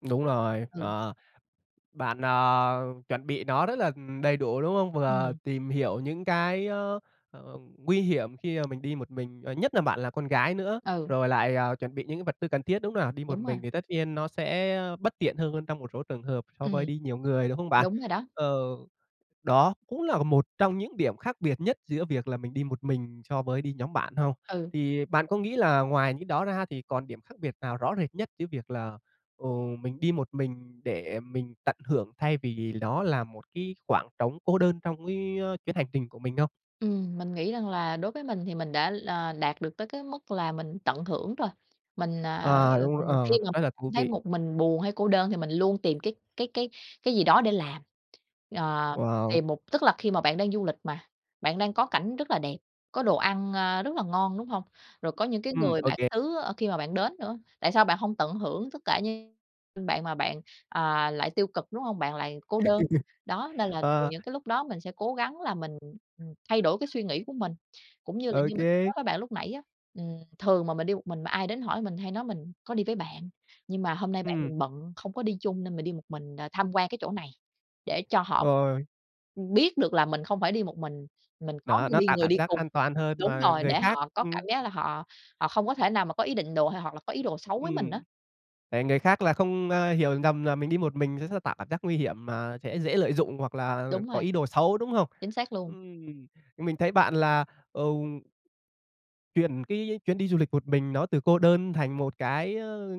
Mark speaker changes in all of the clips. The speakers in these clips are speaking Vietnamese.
Speaker 1: Đúng rồi,
Speaker 2: Ừ.
Speaker 1: ờ. Bạn, à, chuẩn bị nó rất là đầy đủ, đúng không? Vừa
Speaker 2: Ừm.
Speaker 1: tìm hiểu những cái á, ờ, ừm, nguy hiểm khi mà mình đi một mình, ờ, nhất là bạn là con gái nữa,
Speaker 2: Ừ.
Speaker 1: rồi lại, à, chuẩn bị những cái vật tư cần thiết, đúng không nào? Đi một
Speaker 2: Đúng rồi.
Speaker 1: mình thì tất nhiên nó sẽ bất tiện hơn hơn trong một số trường hợp so với
Speaker 2: Ừm.
Speaker 1: đi nhiều người, đúng không bạn?
Speaker 2: Đúng rồi đó.
Speaker 1: Ờ, đó cũng là một trong những điểm khác biệt nhất giữa việc là mình đi một mình so với đi nhóm bạn hông?
Speaker 2: Ừ.
Speaker 1: Thì bạn có nghĩ là ngoài những đó ra thì còn điểm khác biệt nào rõ rệt nhất giữa việc là, ừm, mình đi một mình để mình tận hưởng thay vì nó là một cái khoảng trống cô đơn trong cái chuyến hành trình của mình không?
Speaker 2: Ừm, mình nghĩ rằng là đối với mình thì mình đã là đạt được tới cái mức là mình tận hưởng rồi. Mình, à,
Speaker 1: À, đúng r
Speaker 2: ừm, khi
Speaker 1: ờ,
Speaker 2: mà
Speaker 1: rất là
Speaker 2: cảm
Speaker 1: thú
Speaker 2: thấy
Speaker 1: vị.
Speaker 2: một mình buồn hay cô đơn thì mình luôn tìm cái cái cái cái gì đó để làm. À,
Speaker 1: Wow.
Speaker 2: tìm một tức là khi mà bạn đang du lịch mà, bạn đang có cảnh rất là đẹp, có đồ ăn, a, rất là ngon, đúng hông? Rồi có những cái
Speaker 1: Ừm,
Speaker 2: người
Speaker 1: ô
Speaker 2: bản
Speaker 1: kê.
Speaker 2: xứ, ơ, khi mà bạn đến nữa, tại sao bạn hông tận hưởng tất cả như ưm, bạn mà bạn, à, lại tiêu cực, đúng hông? Bạn lại cô đơn. Đó, nên là, ừ,
Speaker 1: Ờ.
Speaker 2: những cái lúc đó mình sẽ cố gắng là mình, ừm, thay đổi cái suy nghĩ của mình. Cũng như là
Speaker 1: Ô
Speaker 2: như mình [unintelligible] nói
Speaker 1: kê.
Speaker 2: với bạn lúc nãy á, ừm, thường mà mình đi một mình mà ai đến hỏi mình hay nói: "Mình có đi với bạn, nhưng mà hôm nay bạn
Speaker 1: Ừm.
Speaker 2: mình bận, không có đi chung nên mình đi một mình đ tham quan cái chỗ này." để cho họ
Speaker 1: Rồi.
Speaker 2: biết được là mình không phải đi một mình, mình có
Speaker 1: Đó,
Speaker 2: ng
Speaker 1: nó
Speaker 2: đi
Speaker 1: tạo
Speaker 2: người
Speaker 1: cảm
Speaker 2: đi
Speaker 1: giác
Speaker 2: cùng,
Speaker 1: an toàn hơn
Speaker 2: đúng
Speaker 1: mà
Speaker 2: rồi,
Speaker 1: người
Speaker 2: để
Speaker 1: khác
Speaker 2: họ có
Speaker 1: ừm.
Speaker 2: cảm giác là họ họ không có thể nào mà có ý định đồ hay hoặc là có ý đồ xấu với mình á.
Speaker 1: Ừm. Để người khác là không, a, hiểu nhầm là mình đi một mình s sẽ tạo cảm giác nguy hiểm mà sẽ dễ lợi dụng hoặc là
Speaker 2: Đúng
Speaker 1: có
Speaker 2: rồi.
Speaker 1: ý đồ xấu, đúng không?
Speaker 2: Chính xác luôn.
Speaker 1: Ừm, mình thấy bạn là, ừm chuyển cái chuyến đi du lịch một mình đó từ cô đơn thành một cái, ơ,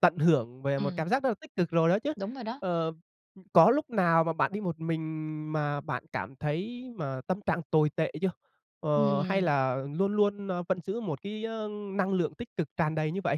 Speaker 1: tận hưởng về một
Speaker 2: Ừm.
Speaker 1: cảm giác rất là tích cực rồi đó chứ.
Speaker 2: Đúng rồi đó.
Speaker 1: Ờ, ư, có lúc nào mà bạn đi một mình mà bạn cảm thấy mà tâm trạng tồi tệ chưa? Ờ, hay
Speaker 2: Ừm.
Speaker 1: là luôn luôn, ơ, vẫn giữ một cái, ơ, năng lượng tích cực tràn đầy như vậy?